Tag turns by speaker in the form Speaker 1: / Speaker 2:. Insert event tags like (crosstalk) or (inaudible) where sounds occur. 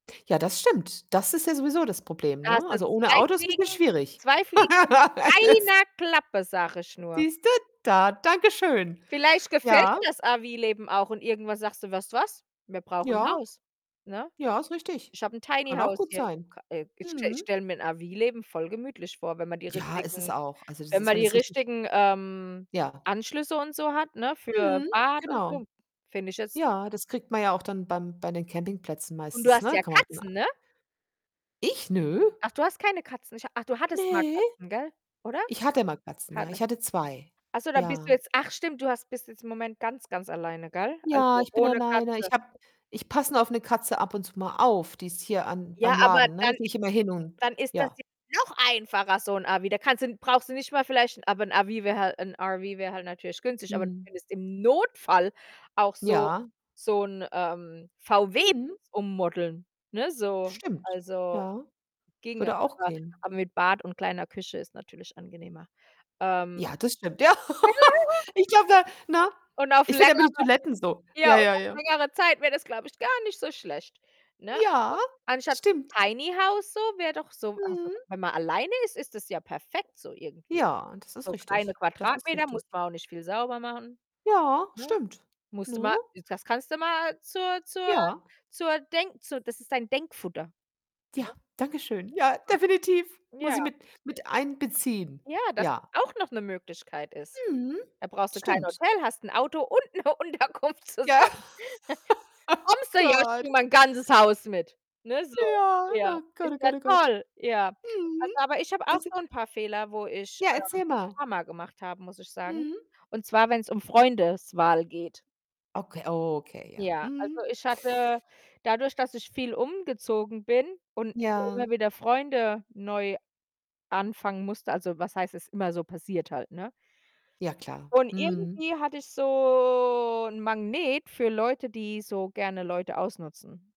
Speaker 1: Ja, das stimmt. Das ist ja sowieso das Problem,
Speaker 2: Da hast
Speaker 1: ne?
Speaker 2: du
Speaker 1: Also, ohne
Speaker 2: 2
Speaker 1: Auto ist ‘n bisschen
Speaker 2: Fliegen,
Speaker 1: schwierig.
Speaker 2: 2 Fliegen nur
Speaker 1: (laughs)
Speaker 2: mit
Speaker 1: Das
Speaker 2: 1 Klappe, sage ich nur.
Speaker 1: Siehst du, da! Danke schön.
Speaker 2: Vielleicht gefällt
Speaker 1: Ja.
Speaker 2: dir das RV-Leben auch und irgendwann sagst du: „Weißt du was? Wir brauchen ‘n
Speaker 1: Ja.
Speaker 2: Haus!" Ne?
Speaker 1: Ja, ist richtig.
Speaker 2: Ich habe ‘n Tiny
Speaker 1: Kann auch
Speaker 2: House
Speaker 1: gut
Speaker 2: hier
Speaker 1: sein.
Speaker 2: ka äh, ich ich
Speaker 1: Mhm.
Speaker 2: stelle mir ‘n RV-Leben voll gemütlich vor, wenn man die
Speaker 1: Ja, ist es
Speaker 2: richtigen
Speaker 1: auch. Also, das
Speaker 2: wenn
Speaker 1: ist
Speaker 2: man
Speaker 1: wenn
Speaker 2: die
Speaker 1: es richtig
Speaker 2: richtigen, ähm,
Speaker 1: Ja.
Speaker 2: Anschlüsse und so hat, ne, für
Speaker 1: Mhm,
Speaker 2: Bad und
Speaker 1: genau.
Speaker 2: so, finde ich jetzt
Speaker 1: Ja, das kriegt man ja auch dann beim bei den Campingplätzen
Speaker 2: Und du
Speaker 1: meistens,
Speaker 2: hast
Speaker 1: ne?
Speaker 2: ja
Speaker 1: Kann man auch den a
Speaker 2: Katzen, ne?
Speaker 1: Ich? Nö.
Speaker 2: Ach, du hast keine Katzen, ich ach, du hattest mal
Speaker 1: Ne.
Speaker 2: Katzen, gell? Oder?
Speaker 1: Ich hatte mal Katzen,
Speaker 2: Ha
Speaker 1: ja.
Speaker 2: lass
Speaker 1: Ich hatte 2.
Speaker 2: ach so, dann bist du
Speaker 1: Ja.
Speaker 2: jetzt ach, stimmt, du hast bist jetzt im Moment ganz, ganz alleine, gell?
Speaker 1: Ja,
Speaker 2: Also,
Speaker 1: ich bin
Speaker 2: ohne
Speaker 1: alleine. Ich
Speaker 2: Katze.
Speaker 1: habe ich passe nur auf ‘ne Katze ab und zu mal auf, die ist hier an
Speaker 2: Ja,
Speaker 1: beim
Speaker 2: aber
Speaker 1: Laden, ne, da
Speaker 2: dann
Speaker 1: gehe ich immer hin und
Speaker 2: dann ist das
Speaker 1: ja.
Speaker 2: jetzt noch einfacher, so ‘n RV. Da kannst du brauchst du nicht mal vielleicht aber ‘n RV wär halt ‘n RV wäre halt natürlich günstig, aber du
Speaker 1: Mhm.
Speaker 2: könntest im Notfall auch so
Speaker 1: Ja.
Speaker 2: so ‘n, ähm,
Speaker 1: Mhm.
Speaker 2: VW-Bus ummodeln, ne? So,
Speaker 1: Stimmt,
Speaker 2: also
Speaker 1: ja.
Speaker 2: ginge,
Speaker 1: Würde auch
Speaker 2: aber
Speaker 1: gehen.
Speaker 2: aber mit Bad und kleiner Küche ist natürlich angenehmer. Ähm
Speaker 1: Ja, das stimmt. Ja.
Speaker 2: Ja,
Speaker 1: (laughs)
Speaker 2: ja.
Speaker 1: Ich glaube da ne?
Speaker 2: Und auf
Speaker 1: Ich finde immer
Speaker 2: längerer
Speaker 1: die Toiletten so
Speaker 2: ja,
Speaker 1: ja,
Speaker 2: und
Speaker 1: ja,
Speaker 2: auf
Speaker 1: ja.
Speaker 2: längere Zeit wäre das, glaube ich, gar nicht so schlecht, ne? Aber
Speaker 1: Ja,
Speaker 2: anstatt s ‘n
Speaker 1: stimmt.
Speaker 2: Tiny House so, wäre doch so also,
Speaker 1: Mhm.
Speaker 2: wenn man alleine ist, ist das ja perfekt so irgendwie.
Speaker 1: Ja, das ist
Speaker 2: So kleine
Speaker 1: richtig, das ist
Speaker 2: Quadratmeter, muss
Speaker 1: richtig.
Speaker 2: man auch nicht viel sauber machen,
Speaker 1: Ja,
Speaker 2: ne?
Speaker 1: stimmt,
Speaker 2: Musst du
Speaker 1: ne?
Speaker 2: mal, äh das kannst du mal zur zur
Speaker 1: Ja.
Speaker 2: zur Denk zur das ist dein Denkfutter,
Speaker 1: Ja,
Speaker 2: ne?
Speaker 1: danke schön. Ja, definitiv, muss
Speaker 2: (unintelligible)
Speaker 1: ich
Speaker 2: Ja.
Speaker 1: mit mit einbeziehen.
Speaker 2: Ja, das, dass
Speaker 1: Ja.
Speaker 2: auch noch ‘ne Möglichkeit ist.
Speaker 1: Mhm,
Speaker 2: Da brauchst du kein
Speaker 1: stimmt.
Speaker 2: Hotel, hast ‘n Auto und ‘ne Unterkunft
Speaker 1: Ja,
Speaker 2: zusammen. (chuckles) „Kommst
Speaker 1: (laughs)
Speaker 2: du jetzt?“ „Ja ich bringe
Speaker 1: Gott.
Speaker 2: mein ganzes Haus mit“, ne, so.
Speaker 1: Ja,
Speaker 2: Ja,
Speaker 1: na Gott,
Speaker 2: ist
Speaker 1: oh
Speaker 2: ja
Speaker 1: Gott, oh Gott.
Speaker 2: toll. Ja, also,
Speaker 1: Mhm.
Speaker 2: aber ich habe auch
Speaker 1: Weißt du
Speaker 2: so ‘n paar Fehler, wo ich,
Speaker 1: Ja,
Speaker 2: ähm,
Speaker 1: erzähl
Speaker 2: ‘n
Speaker 1: mal.
Speaker 2: paar mal gemacht habe, muss ich sagen,
Speaker 1: Mhm.
Speaker 2: und zwar, wenn‘s um Freundeswahl geht.
Speaker 1: Okay, okay, ja.
Speaker 2: Ja, also
Speaker 1: Mhm.
Speaker 2: ich hatte dadurch, dass ich viel umgezogen bin und immer immer
Speaker 1: Ja.
Speaker 2: wieder Freunde neu anfangen musste also, was heißt, es immer so passiert halt, ne?
Speaker 1: Ja klar.
Speaker 2: Und
Speaker 1: Mhm.
Speaker 2: irgendwie hatte ich so ‘n Magnet für Leute, die so gerne Leute ausnutzen.